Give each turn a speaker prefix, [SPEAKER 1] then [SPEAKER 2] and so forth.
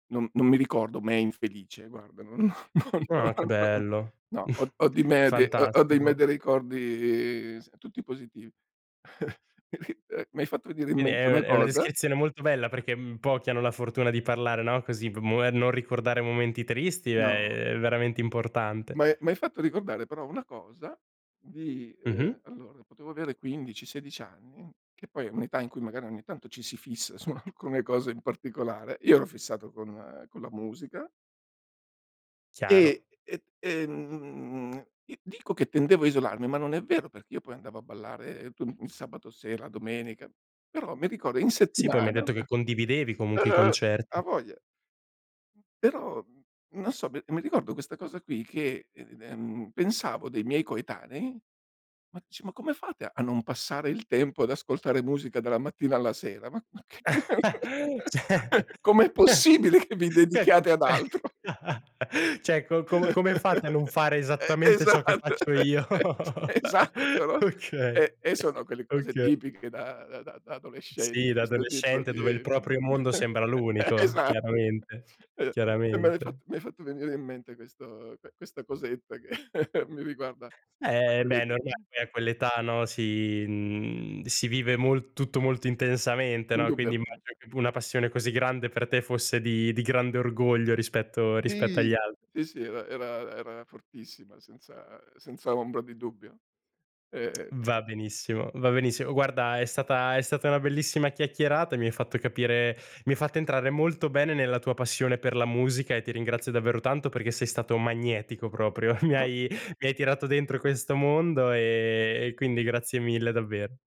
[SPEAKER 1] Non non mi ricordo me infelice guarda, non non
[SPEAKER 2] Ah che bello,
[SPEAKER 1] no, ho ho di me ho ho di me
[SPEAKER 2] fantastico.
[SPEAKER 1] dei ricordi s tutti positivi. E qui mi hai fatto venire in
[SPEAKER 2] Quindi
[SPEAKER 1] mente una
[SPEAKER 2] è è una
[SPEAKER 1] cosa.
[SPEAKER 2] descrizione molto bella, perché pochi hanno la fortuna di parlare, no, così [unintelligible] non ricordare momenti tristi
[SPEAKER 1] No.
[SPEAKER 2] è veramente importante.
[SPEAKER 1] M'hai mi hai fatto ricordare però, una cosa di ehm,
[SPEAKER 2] Mh-mh.
[SPEAKER 1] allora, potevo avere 15, 16 anni, che poi è un'età in cui magari ogni tanto ci si fissa su alcune cose in particolare. Io ero fissato con con la musica
[SPEAKER 2] Chiaro.
[SPEAKER 1] e e, ehm i dico che tendevo a isolarmi, ma non è vero, perché io poi andavo a ballare tu il sabato sera, domenica, però mi ricordo in
[SPEAKER 2] Sì, poi mi hai
[SPEAKER 1] settimana
[SPEAKER 2] detto che condividevi comunque i
[SPEAKER 1] e
[SPEAKER 2] concert
[SPEAKER 1] ha voglia! Però, non so mi mi ricordo questa cosa qui che, ehm, pensavo dei miei coetanei: "Ma c ma come fate a non passare il tempo ad ascoltare musica, dalla mattina alla sera? Ma ma ch
[SPEAKER 2] Cioè.
[SPEAKER 1] come è
[SPEAKER 2] Eh.
[SPEAKER 1] possibile che vi
[SPEAKER 2] Beh
[SPEAKER 1] dedichiate ad
[SPEAKER 2] comunque,
[SPEAKER 1] altro?"
[SPEAKER 2] cioè: "Co co come fate a non fare
[SPEAKER 1] Eh,
[SPEAKER 2] esattamente ciò che
[SPEAKER 1] esatto!
[SPEAKER 2] faccio io?"
[SPEAKER 1] Esatto no.
[SPEAKER 2] Okay,
[SPEAKER 1] E e sono quelle cose
[SPEAKER 2] okay.
[SPEAKER 1] tipiche da da da
[SPEAKER 2] Sì,
[SPEAKER 1] adolescenti,
[SPEAKER 2] da
[SPEAKER 1] questo tipo
[SPEAKER 2] adolescente dove il
[SPEAKER 1] di
[SPEAKER 2] proprio mondo sembra
[SPEAKER 1] eh
[SPEAKER 2] l'unico
[SPEAKER 1] esa
[SPEAKER 2] chiaramente,
[SPEAKER 1] E me l'hai fat
[SPEAKER 2] chiaramente.
[SPEAKER 1] mi hai fatto venire in mente questo q questa cosetta, che mi riguarda a
[SPEAKER 2] Eh, beh è
[SPEAKER 1] quell'età lì,
[SPEAKER 2] normale,
[SPEAKER 1] mh.
[SPEAKER 2] a quell'età, no, si mhmm, si vive molto tutto molto intensamente, no, quindi
[SPEAKER 1] Indubbiamente.
[SPEAKER 2] immagino che una p passione così grande per te fosse di di grande orgoglio, rispetto rispetto agli
[SPEAKER 1] Sì,
[SPEAKER 2] al
[SPEAKER 1] sì, sì era era era fortissima, senza senza ombra di dubbio. Eh.
[SPEAKER 2] Va benissimo va benissimo. Guarda è stata è stata una bellissima chiacchierata, e mi hai fatto capire mi hai fatto entrare molto bene nella tua passione per la musica, e ti ringrazio davvero tanto perché sei stato magnetico proprio. Mi
[SPEAKER 1] No.
[SPEAKER 2] hai mi hai tirato dentro questo mondo, e e quindi grazie mille davvero.